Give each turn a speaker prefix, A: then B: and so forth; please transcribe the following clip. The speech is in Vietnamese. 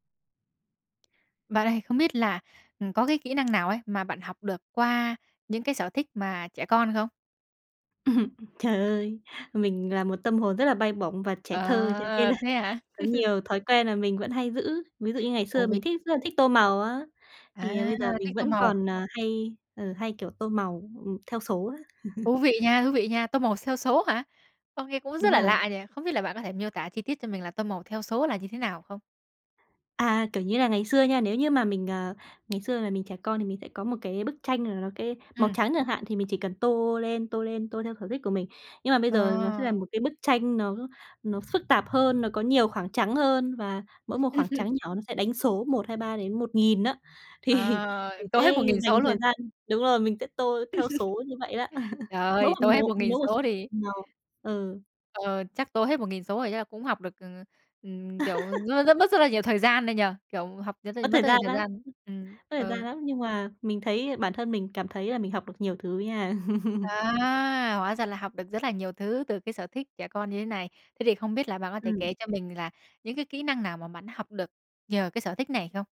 A: Bạn ơi không biết là, ừm, có cái kỹ năng nào ấy mà bạn học được qua những cái sở thích mà trẻ con không?
B: Trời ơi, mình là một tâm hồn rất là bay bổng và trẻ thơ cho nên
A: À,
B: là
A: thế hả?
B: có nhiều thói quen là mình vẫn hay giữ, ví dụ như ngày xưa
A: Ôi!
B: mình thích rất là
A: [unintelligible]
B: thích tô màu á,
A: À,
B: thì bây giờ mình
A: thích tô
B: vẫn
A: màu.
B: còn, ờ, hay ừ, hay, kiểu, tô màu, ừm, theo số á.
A: Thú vị nha, thú vị nha! Tô màu theo số hả? Ô, nghe cũng rất
B: Đúng
A: là
B: rồi.
A: lạ nhỉ! Không biết là bạn có thể miêu tả chi tiết cho mình là tô màu theo số là như thế nào không?
B: À, kiểu như là, ngày xưa nha, nếu như mà mình, ờ ngày xưa là mình trẻ con thì mình sẽ có một cái bức tranh là nó cái màu
A: Ừm.
B: trắng chẳng hạn, thì mình chỉ cần tô lên, tô lên, tô theo sở thích của mình. Nhưng mà bây giờ là nó sẽ là
A: À!
B: một cái bức tranh nó nó phức tạp hơn, nó có nhiều khoảng trắng hơn và mỗi một
A: Ừm.
B: khoảng
A: Ừm.
B: trắng nhỏ nó sẽ đánh số 1, 2, 3 đến 1.000 á, thì
A: À,
B: mình
A: tô hết
B: sẽ
A: 1.000
B: dành
A: số
B: thời
A: luôn?
B: gian đúng rồi, mình sẽ tô theo số như vậy đó.
A: Trời
B: Mỗi
A: ơi,
B: một
A: tô hết
B: lố
A: một
B: mỗi
A: nghìn
B: một số
A: số thì
B: [unintelligible] màu. Ừ.
A: Ờ, chắc tô hết 1.000 số rồi chắc là cũng học được, ừ, ừm, kiểu, nó rất mất rất là nhiều thời gian đấy nhỉ? Kiểu, học r r
B: Mất
A: mất
B: thời
A: rất nhiều
B: gian
A: thời
B: lắm,
A: gian. Ừm,
B: mất thời gian
A: ừ.
B: lắm, nhưng mà mình thấy bản thân mình cảm thấy là mình học được nhiều thứ nha.
A: À, hóa ra là học được rất là nhiều thứ từ cái sở thích trẻ con như thế này. Thế thì không biết là bạn có thể
B: Ừm.
A: kể cho mình là những cái kỹ năng nào mà bạn học được nhờ cái sở thích này không?